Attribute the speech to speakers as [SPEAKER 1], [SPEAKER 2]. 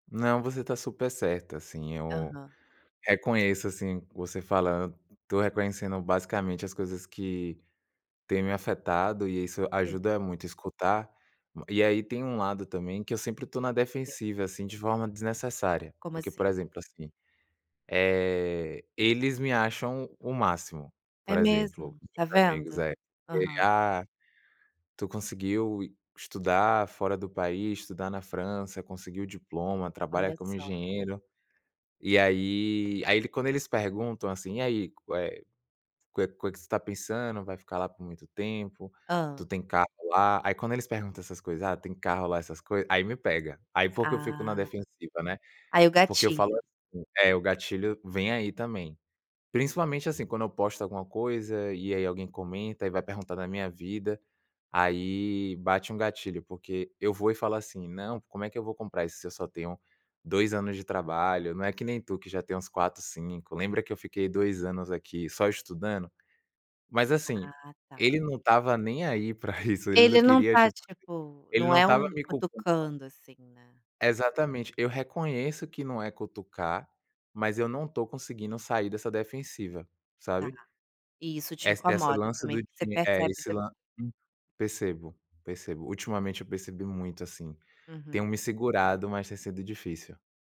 [SPEAKER 1] Não, você tá super certa, sim, eu
[SPEAKER 2] Aham.
[SPEAKER 1] reconheço, assim, você fala tô reconhecendo, basicamente, as coisas que têm me afetado e aí isso
[SPEAKER 2] Sim.
[SPEAKER 1] ajuda muito escutar. E aí, tem um lado também, que eu sempre estou na
[SPEAKER 2] O quê?
[SPEAKER 1] defensiva, assim, de forma desnecessária,
[SPEAKER 2] Como
[SPEAKER 1] porque, por
[SPEAKER 2] assim?
[SPEAKER 1] exemplo, assim, eh, eles me acham o máximo, por
[SPEAKER 2] É
[SPEAKER 1] exemplo,
[SPEAKER 2] mesmo? Tá
[SPEAKER 1] meus amigos,
[SPEAKER 2] vendo.
[SPEAKER 1] é. Ele:
[SPEAKER 2] Aham.
[SPEAKER 1] "Ah, tu conseguiu estudar fora do país, estudar na França, conseguiu o diploma, trabalha
[SPEAKER 2] Olha
[SPEAKER 1] como
[SPEAKER 2] só.
[SPEAKER 1] engenheiro." E aí aí quando eles perguntam assim: "E aí, co eh, coe coe que você está pensando, vai ficar lá por muito tempo? Tu
[SPEAKER 2] Hã.
[SPEAKER 1] tem carro lá?". Aí, quando eles perguntam essas coisas, "ah, tem carro lá", essas coisas, aí me pega, aí, foi que eu fico na
[SPEAKER 2] Ah.
[SPEAKER 1] defensiva, né.
[SPEAKER 2] Aí o
[SPEAKER 1] Porque eu falo
[SPEAKER 2] gatilho.
[SPEAKER 1] assim É, o gatilho vem aí, também. Principalmente, assim, quando eu posto alguma coisa, e aí alguém comenta e vai perguntar da minha vida, aí bate um gatilho, porque eu vou e falo assim: "Não, como é que eu vou comprar isso se eu só tenho 2 anos de trabalho? Não é que nem tu que já tem uns 4, 5. Lembra que eu fiquei 2 anos aqui só estudando?". Mas assim,
[SPEAKER 2] Ah, tá.
[SPEAKER 1] ele não estava nem aí para isso, ele não
[SPEAKER 2] Ele não
[SPEAKER 1] queria,
[SPEAKER 2] tá,
[SPEAKER 1] tipo
[SPEAKER 2] tipo,
[SPEAKER 1] Ele
[SPEAKER 2] não
[SPEAKER 1] não
[SPEAKER 2] é
[SPEAKER 1] estava
[SPEAKER 2] um
[SPEAKER 1] me culpando não.
[SPEAKER 2] cutucando, assim, né?
[SPEAKER 1] Exatamente. Eu reconheço que não é cutucar, mas eu não tô conseguindo sair dessa defensiva,
[SPEAKER 2] Tá.
[SPEAKER 1] sabe.
[SPEAKER 2] E isso te
[SPEAKER 1] Essa esse
[SPEAKER 2] incomoda,
[SPEAKER 1] lance do
[SPEAKER 2] também, porque você
[SPEAKER 1] di eh,
[SPEAKER 2] percebe
[SPEAKER 1] esse
[SPEAKER 2] depo
[SPEAKER 1] lan Hum. Percebo, percebo. Ultimamente, eu percebi muito, assim. Tenho
[SPEAKER 2] Uhum.
[SPEAKER 1] me segurado, mas tem sido difícil.